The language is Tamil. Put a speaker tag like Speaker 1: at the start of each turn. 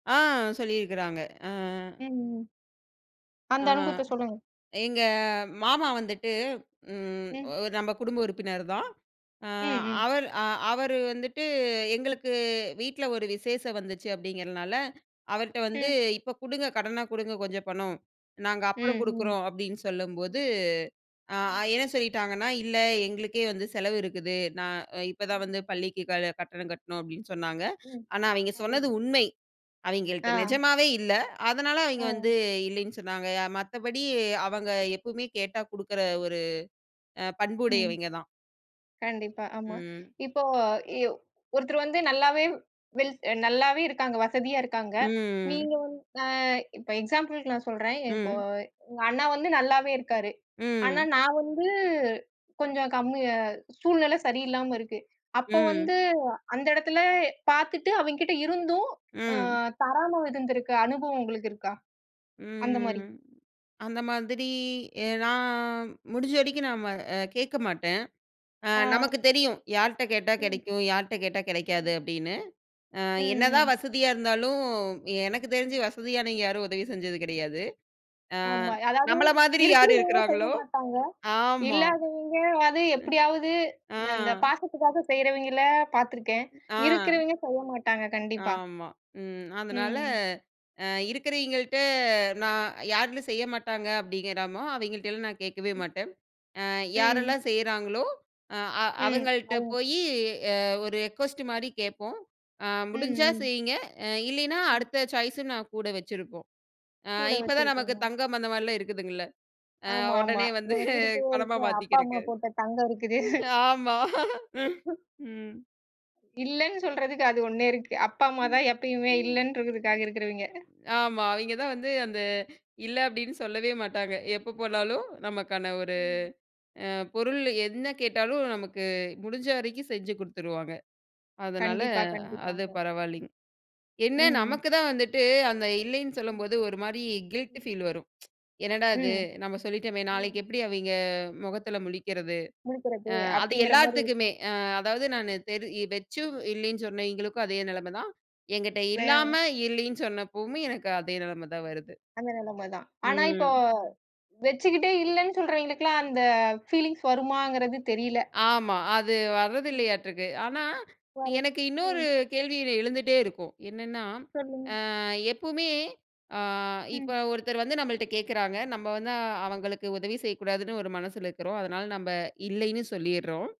Speaker 1: ஆ. சொல்லி இருக்கராங்க. அ, அ.
Speaker 2: ம். அந்த
Speaker 1: ஆ.
Speaker 2: அனுபவத்த சொல்லுங்க.
Speaker 1: எங்க மாமா வந்துட்டு, ம்
Speaker 2: ம்.
Speaker 1: நம்ப குடும்ப உறுப்பினர் தான். அ
Speaker 2: ம். ம்.
Speaker 1: அவர் அ அவரு வந்துட்டு எங்களுக்கு வீட்டுல ஒரு விசேசம் வந்துச்சு அப்படிங்கறதுனால அவர்ட்ட வந்து
Speaker 2: ம்.
Speaker 1: இப்ப குடுங்க. கடனா குடுங்க கொஞ்சம் பணம் நாங்க அப்புறம்
Speaker 2: ம். ம்.
Speaker 1: குடுக்கிறோம். அப்டின்னு சொல்லும்போது
Speaker 2: ம்.
Speaker 1: அ
Speaker 2: ம்.
Speaker 1: என்ன சொல்லிட்டாங்கன்னா, இல்ல எங்களுக்கே வந்து செலவு இருக்குது. நான் இப்ப தான்
Speaker 2: ம்.
Speaker 1: வந்து பள்ளிக்கு க கட்டணம் கட்டுணோம் அப்படின்னு சொன்னாங்க.
Speaker 2: ம்.
Speaker 1: ஆனா அவங்க சொன்னது
Speaker 2: அவளுக்கு.
Speaker 1: உண்மை. அவங்கள்ட்ட
Speaker 2: ஆ.
Speaker 1: நெஜமாவே இல்ல. அதனால அவங்க
Speaker 2: ஆ.
Speaker 1: வந்து இல்லைன்னு சொன்னாங்க. மத்தபடி அவங்க
Speaker 2: ம்.
Speaker 1: எப்பவுமே கேட்டா குடுக்கற ஒரு அ
Speaker 2: ம்.
Speaker 1: பண்புடையவிங்க தான்.
Speaker 2: கண்டிப்பா ஆமா.
Speaker 1: ம்.
Speaker 2: இப்போ இவ் ஒருத்தர் வந்து நல்லாவே வெல் நல்லாவே இருக்காங்க. வசதியா இருக்காங்க.
Speaker 1: ம். ம்.
Speaker 2: நீங்க அ இப்ப எக்ஸாம்பிள்கு நான் சொல்றன். இப்போ
Speaker 1: ம்.
Speaker 2: உங்க அண்ணா வந்து நல்லாவே இருக்காரு. ஆனா
Speaker 1: ம்.
Speaker 2: நான் வந்து கொஞ்சம் கம்மிய சூழ்நில சரியில்லாம இருக்கு. அப்ப
Speaker 1: ம்.
Speaker 2: வந்து அந்த இடத்துல பாத்துட்டு அவிங்கிட்ட இருந்தும்,
Speaker 1: ம்.
Speaker 2: ம், தராம இருந்துருக்க அனுபவம் உங்களுக்கு இருக்கா?
Speaker 1: ம்.
Speaker 2: அந்த
Speaker 1: ம்.
Speaker 2: மாரி.
Speaker 1: ம். அந்த மாதிரி எ நான் முடிஞ்ச வரைக்கும் நம்ம அ கேக்கமாட்டன். அ
Speaker 2: ஆ.
Speaker 1: நமக்குத் தெரியும். யார்ட்ட கேட்டா
Speaker 2: ம்.
Speaker 1: கெடைக்கும். யார்ட்ட கேட்டா கெடைக்காது,
Speaker 2: ம்.
Speaker 1: அப்டின்னு. அ என்னதான்
Speaker 2: ம்ஹ்ம்.
Speaker 1: வசதியா இருந்தாலும் எனக்குத் தெரிஞ்சு
Speaker 2: ம்.
Speaker 1: வசதியானவங்க யாரும் உதவி செஞ்சது கெடையாது. அ
Speaker 2: ஆமா. அதாவது
Speaker 1: நம்பள மாதிரி யாரு
Speaker 2: இருக்கிறவங்க
Speaker 1: இருக்காங்களோ.
Speaker 2: செய்யமாட்டாங்க.
Speaker 1: ஆமா.
Speaker 2: இல்லாதவங்க அது
Speaker 1: ம்
Speaker 2: எப்படியாவது
Speaker 1: அ.
Speaker 2: அந்தப் பாசத்துக்காக செய்யறவிங்கள பாத்துருக்கேன்.
Speaker 1: ஆ.
Speaker 2: இருக்கிறவங்க செய்யமாட்டாங்க கண்டிப்பா.
Speaker 1: ஆமா. ம். அதனால
Speaker 2: ம்.
Speaker 1: அ இருக்கறவிங்கிள்ட்ட நான் யார் வீட்ல செய்யமாட்டாங்க. அப்படிங்கறமோ அவங்கிள்ட்டலாம் நான் கேக்கவே மாட்டன். அ
Speaker 2: ம்.
Speaker 1: யாரெல்லாம் செய்யறாங்களோ அ அ
Speaker 2: ம்.
Speaker 1: அவங்கள்ட்ட
Speaker 2: ஓ!
Speaker 1: போயி ஒரு ரெகுவஸ்ட் மாரி கேப்போம். அ
Speaker 2: ம்.
Speaker 1: முடிஞ்சா
Speaker 2: ம்.
Speaker 1: செய்யுங்க. இல்லைனா
Speaker 2: ம்.
Speaker 1: அடுத்த சாய்ஸ் நான் கூட வச்சிருப்போம். அ
Speaker 2: கூட
Speaker 1: இப்ப தான் நமக்குத்
Speaker 2: வச்சிருக்கீங்க.
Speaker 1: தங்கம் அந்த மாரி இருக்குதுங்க இல்ல. அ
Speaker 2: ஆமா ஆமா.
Speaker 1: ஒடனே வந்து
Speaker 2: நமக்கு இருக்கவே
Speaker 1: பணமா
Speaker 2: இருக்கு. அப்பா அம்மா
Speaker 1: மாத்திக்கிறக்கு.
Speaker 2: போட்ட தங்கம் இருக்குது.
Speaker 1: ஆமா. ம்.
Speaker 2: இல்லன்னு சொல்றதுக்கு அது ஒண்ணே இருக்கு. அப்பா
Speaker 1: ம்,
Speaker 2: அம்மாதான் எப்பயுமே
Speaker 1: ம்.
Speaker 2: இல்லன்னுறதுக்காக இருக்கிறவிங்க.
Speaker 1: ஆமா. அவிங்க தான் வந்து அந்த இல்ல அப்டினு சொல்லவே மாட்டாங்க. எப்ப போனாலும் நமக்கான ஒரு
Speaker 2: ம்.
Speaker 1: அ பொருள் என்ன கேட்டாலும். நமக்கு முடிஞ்ச வரைக்கும் செஞ்சு கொடுத்துருவாங்க. அதனால
Speaker 2: கண்டிப்பா.
Speaker 1: அது
Speaker 2: கண்டிப்பாக.
Speaker 1: பரவாயில்லைங்க. என்ன
Speaker 2: ம். ம்.
Speaker 1: நமக்குத் தான் வந்துட்டு அந்த இல்லைன்னு
Speaker 2: ம்.
Speaker 1: சொல்லும்போது ஒரு மாரி கில்டி
Speaker 2: ம்.
Speaker 1: ஃபீல் வரும். என்னடா இது
Speaker 2: ம்.
Speaker 1: நம்ம சொல்லிட்டமே.
Speaker 2: ம்.
Speaker 1: நாளைக்கு எப்டி அவிங்க மொகத்துல முழிக்கிறது.
Speaker 2: மீட்டறது,
Speaker 1: அ அது
Speaker 2: அப்படிங்கிற மாரி
Speaker 1: எல்லாத்துக்குமே
Speaker 2: இருக்கும்.
Speaker 1: அதாவது நானு தெறி வச்சும் இல்லைன்னு சொன்னவைங்களுக்கும் அதே நெலம தான். என்கிட்ட
Speaker 2: பேஆ.
Speaker 1: இல்லாம இல்லைன்னு சொன்னப்பவுமே எனக்கு அதே நெலம தான் வருது.
Speaker 2: அந்த நெலம தான். ஆனா இப்போ
Speaker 1: ம்.
Speaker 2: வச்சுக்கிட்டே இல்லன்னு சொல்றவங்களுக்குலாம் அந்த ஃபீலிங்ஸ் வருமாங்கிறது தெரியல.
Speaker 1: ஆமா. அது வரது
Speaker 2: ம்.
Speaker 1: இல்லையாட்டுக்கு. ஆனா
Speaker 2: யாரு?
Speaker 1: எனக்கு இன்னொரு
Speaker 2: ம்.
Speaker 1: கேள்வி எழுந்துட்டே இருக்கும். என்னன்னா,
Speaker 2: சொல்லுங்க.
Speaker 1: அ எப்பவுமே அ இப்ப
Speaker 2: ம்.
Speaker 1: ஒருத்தர் வந்து நம்மள்ட கேக்குறாங்க. நம்ம வந்து அவங்களுக்கு உதவி செய்யக் கூடாதுன்னு ஒரு மனசுல இருக்கறோம். அதனால நம்ம
Speaker 2: ம்.
Speaker 1: இல்லைன்னு சொல்லிர்றோம்.